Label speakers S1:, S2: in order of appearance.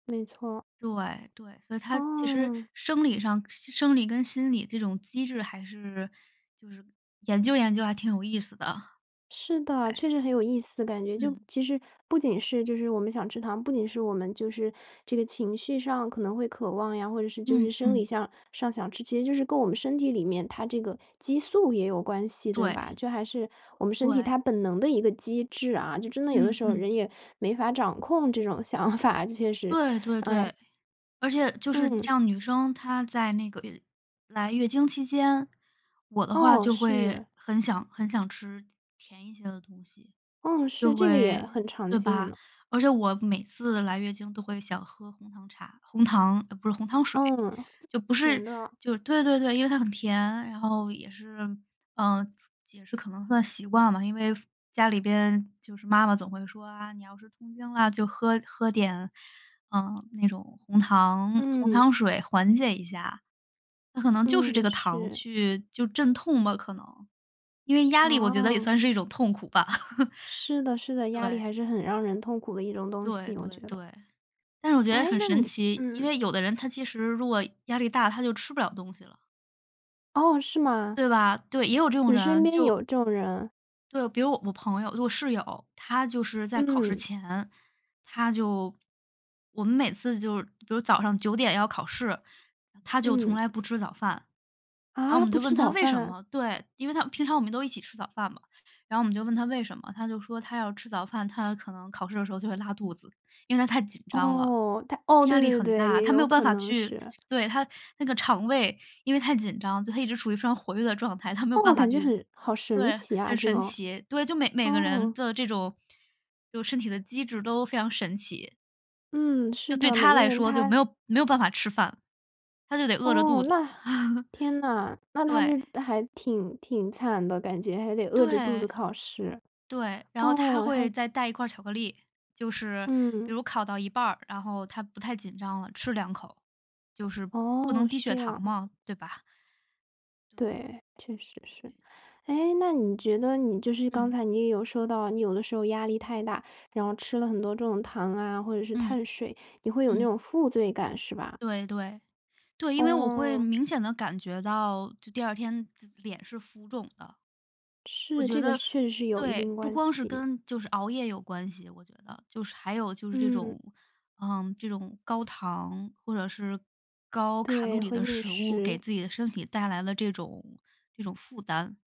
S1: 没错。
S2: 对对，所以他其实
S1: 嗯。
S2: 生理上生理跟心理这种机制还是就是研究研究还挺有意思的。
S1: 是的，
S2: 哎。
S1: 确实很有意思感觉，就
S2: 嗯。
S1: 其实不仅是就是我们想吃糖，不仅是我们就是这个情绪上可能会渴望呀，或者是就是
S2: 嗯
S1: 生理
S2: 嗯。
S1: 向上想吃，其实就是跟我们身体里面它这个激素也有关系，对吧？
S2: 对。
S1: 这还是我们身体
S2: 对。
S1: 它本能的一个机制啊。就真的有的
S2: 嗯
S1: 时候，人
S2: 嗯。
S1: 也没法掌控这种想法，确实。
S2: 对对
S1: 哎。
S2: 对，而且就是这
S1: 嗯。
S2: 样，女生她在那个月来月经期间，我的话
S1: 哦，
S2: 就会
S1: 是。
S2: 很想很想吃甜一些的东西。
S1: 嗯，是，
S2: 就
S1: 这个也
S2: 会
S1: 很常
S2: 对
S1: 见
S2: 吧？
S1: 呢。
S2: 而且我每次来月经都会想喝红糖茶红糖呃，不是，红糖水。
S1: 嗯，
S2: 就不
S1: 甜
S2: 是
S1: 的。
S2: 就是对对对，因为它很甜，然后也是嗯，解释可能算习惯吧，因为父家里边就是妈妈总会说：“啊，你要是痛经了就喝喝点，嗯，那种红糖红
S1: 嗯。
S2: 糖水缓解一下”。那可能就是这
S1: 嗯，
S2: 个糖
S1: 是。
S2: 去就是镇痛吗，可能？因为压力我觉得也
S1: 哦。
S2: 算是一种痛苦吧。
S1: 是的 是的，压力
S2: 对。
S1: 还是很让人痛苦的一种东
S2: 对
S1: 西，我
S2: 对
S1: 觉得。
S2: 对，但是我觉得
S1: 诶，
S2: 很
S1: 那
S2: 神
S1: 你
S2: 奇，因
S1: 嗯。
S2: 为有的人他其实如果压力大，他就吃不了东西了。
S1: 哦，是吗？
S2: 对吧？对，也有这种
S1: 你身
S2: 人，
S1: 边
S2: 就
S1: 有这种人。
S2: 对，比如我我朋友我室友，她就是在考试
S1: 嗯。
S2: 前，她就我们每次就是比如早上9点要考试，她就从
S1: 嗯。
S2: 来不吃早饭。然后我
S1: 啊，
S2: 们
S1: 不
S2: 就问
S1: 吃
S2: 她
S1: 早
S2: 为什
S1: 饭？
S2: 么对，因为她平常我们都一起吃早饭嘛，然后我们就问她为什么，她就说她要吃早饭，她可能考试的时候就会拉肚子，因为她太紧张了，
S1: 哦，她哦，
S2: 压
S1: 对
S2: 力
S1: 对对
S2: 很
S1: 对，
S2: 大。
S1: 也
S2: 她没
S1: 有
S2: 有办
S1: 可
S2: 法
S1: 能
S2: 去
S1: 是。
S2: 对，她那个肠胃因为太紧张就她一直处于非常活跃的状态，她没有
S1: 哦，
S2: 办法
S1: 感觉
S2: 去
S1: 很好神
S2: 对，
S1: 奇啊
S2: 很
S1: 这
S2: 神
S1: 种。
S2: 奇。对，就每每个人
S1: 哦。
S2: 的这种就身体的机制都非常神奇。
S1: 嗯，是
S2: 就对
S1: 的，每
S2: 她
S1: 个
S2: 来
S1: 人
S2: 说，就没
S1: 他
S2: 有没有办法吃饭，她就得饿着
S1: 哦，
S2: 肚子。
S1: 那 天呐，那她
S2: 对。
S1: 就还挺挺惨的感觉，还得饿着肚
S2: 对。
S1: 子考试，
S2: 对，然后她
S1: 哦，
S2: 会
S1: 还
S2: 再带一块儿巧克力，就是比
S1: 嗯。
S2: 如考到一半儿，然后她不太紧张了，吃两口。就是不能
S1: 哦，
S2: 低
S1: 是
S2: 血
S1: 这
S2: 糖
S1: 样。
S2: 吗？对吧？对。
S1: 对，确实是。诶，那你觉得你就是刚
S2: 嗯。
S1: 才你也有说到你有的时候压力太大，然后吃了很多这种糖啊，或者是
S2: 嗯，
S1: 碳水，你会有那
S2: 嗯。
S1: 种负罪感，是吧？
S2: 对对。对，因为我会
S1: 哦。
S2: 明显地感觉到，就第二天自脸是浮肿的。我
S1: 是，
S2: 觉
S1: 这个
S2: 得
S1: 是确实是有一
S2: 对，
S1: 定
S2: 不
S1: 关
S2: 光是
S1: 系。
S2: 跟就是熬夜有关系，我觉得，就是还有就是这
S1: 嗯。
S2: 种嗯，这种高糖或者是高卡路
S1: 对，
S2: 里
S1: 会
S2: 的
S1: 应
S2: 食物，给
S1: 食。
S2: 自己的身体带来了这种这种负担。